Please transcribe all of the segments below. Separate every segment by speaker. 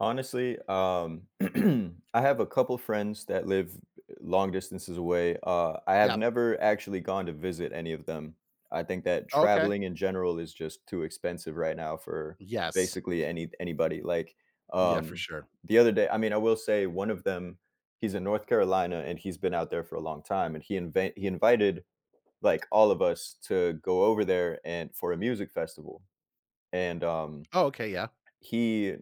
Speaker 1: Honestly, um, I have a couple friends that live e eh long distances away, uh, I have
Speaker 2: Yep.
Speaker 1: never actually gone to visit any of them. I think that
Speaker 2: Okay.
Speaker 1: traveling in general is just too expensive right now for
Speaker 2: Yes.
Speaker 1: basically any anybody. Like,
Speaker 2: Yeah, for
Speaker 1: um,
Speaker 2: sure.
Speaker 1: the other day I mean, I will say 1 of them, he's in North Carolina and he's been out there for a long time, and he inva he invited, like, all of us to go over there and for a music festival. And, um,
Speaker 2: Oh, okay, yeah.
Speaker 1: he, uh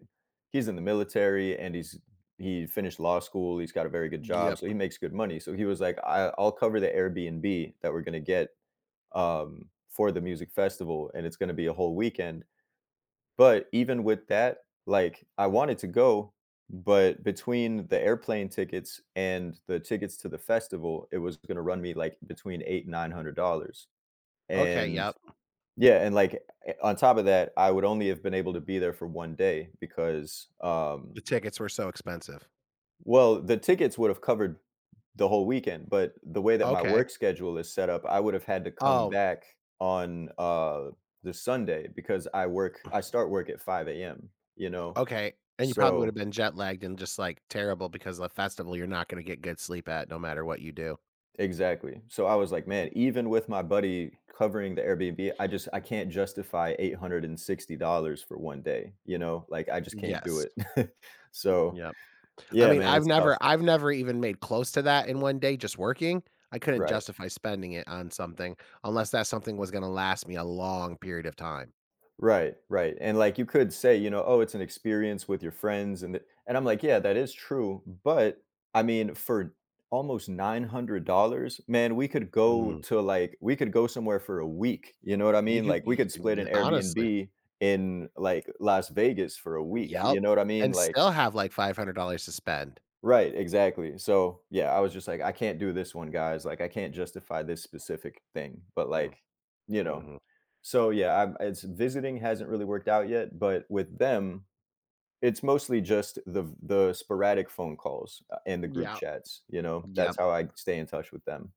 Speaker 1: he's in the military, and he's he finished law school, he's got a very good job, so he
Speaker 2: Yep.
Speaker 1: makes good money. So he was like, "I I'll cover the Airbnb that we're gonna get, um, for the music festival, and it's gonna be a whole weekend," but even with that, like, I wanted to go, but between the airplane tickets and the tickets to the festival, it was gonna run me, like, between 8 and $900.
Speaker 2: Okay,
Speaker 1: And
Speaker 2: yep.
Speaker 1: yeah, and, like, eh on top of that, I would only have been able to be there for 1 day because, um
Speaker 2: The tickets were so expensive.
Speaker 1: Well, the tickets would've covered the whole weekend, but the way that my
Speaker 2: Okay.
Speaker 1: work schedule is set up, I would've had to come
Speaker 2: Oh.
Speaker 1: back on, uh, this Sunday because I work I start work at 5 AM, you know,
Speaker 2: Okay, and you probably woulda
Speaker 1: so
Speaker 2: been jet lagged and just, like, terrible because the festival you're not gonna get good sleep at no matter what you do.
Speaker 1: Exactly. So I was like,
Speaker 2: M
Speaker 1: man, even with my buddy covering the Airbnb, I just I can't justify $860 for 1 day, you know, like, I just can't do
Speaker 2: Yes.
Speaker 1: it. So
Speaker 2: Yep. I
Speaker 1: yeah,
Speaker 2: mean,
Speaker 1: man,
Speaker 2: I've
Speaker 1: it's tough.
Speaker 2: never I've never even made close to that in 1 day just working. I couldn't
Speaker 1: Right.
Speaker 2: justify spending it on something unless that something was gonna last me a long period of time.
Speaker 1: Right, right. And, like, you could say, you know, "Oh, it's an experience with your friends, and i" and I'm like, "Yeah, that is true, but, I mean, for almost $900, man, we could go
Speaker 2: Mm.
Speaker 1: to, like we could go somewhere for a week, you know what I
Speaker 2: You
Speaker 1: mean?
Speaker 2: could
Speaker 1: Like, we
Speaker 2: y
Speaker 1: could split an
Speaker 2: an honestly
Speaker 1: Airbnb in, like, Las Vegas for a week,
Speaker 2: Yep,
Speaker 1: you know what I mean,
Speaker 2: and
Speaker 1: like
Speaker 2: still have, like, $500 to spend.
Speaker 1: Right, exactly. So, yeah, I was just like, "I can't do this one, guys. Like, I can't justify this specific thing," but,
Speaker 2: Mm.
Speaker 1: like, you know.
Speaker 2: Mhm.
Speaker 1: So, yeah, I'm it's visiting hasn't really worked out yet, but with them, it's mostly just the v the sporadic phone calls, uh, and the group
Speaker 2: Yeah.
Speaker 1: chats, you know, that's
Speaker 2: Yep.
Speaker 1: how I stay in touch with them.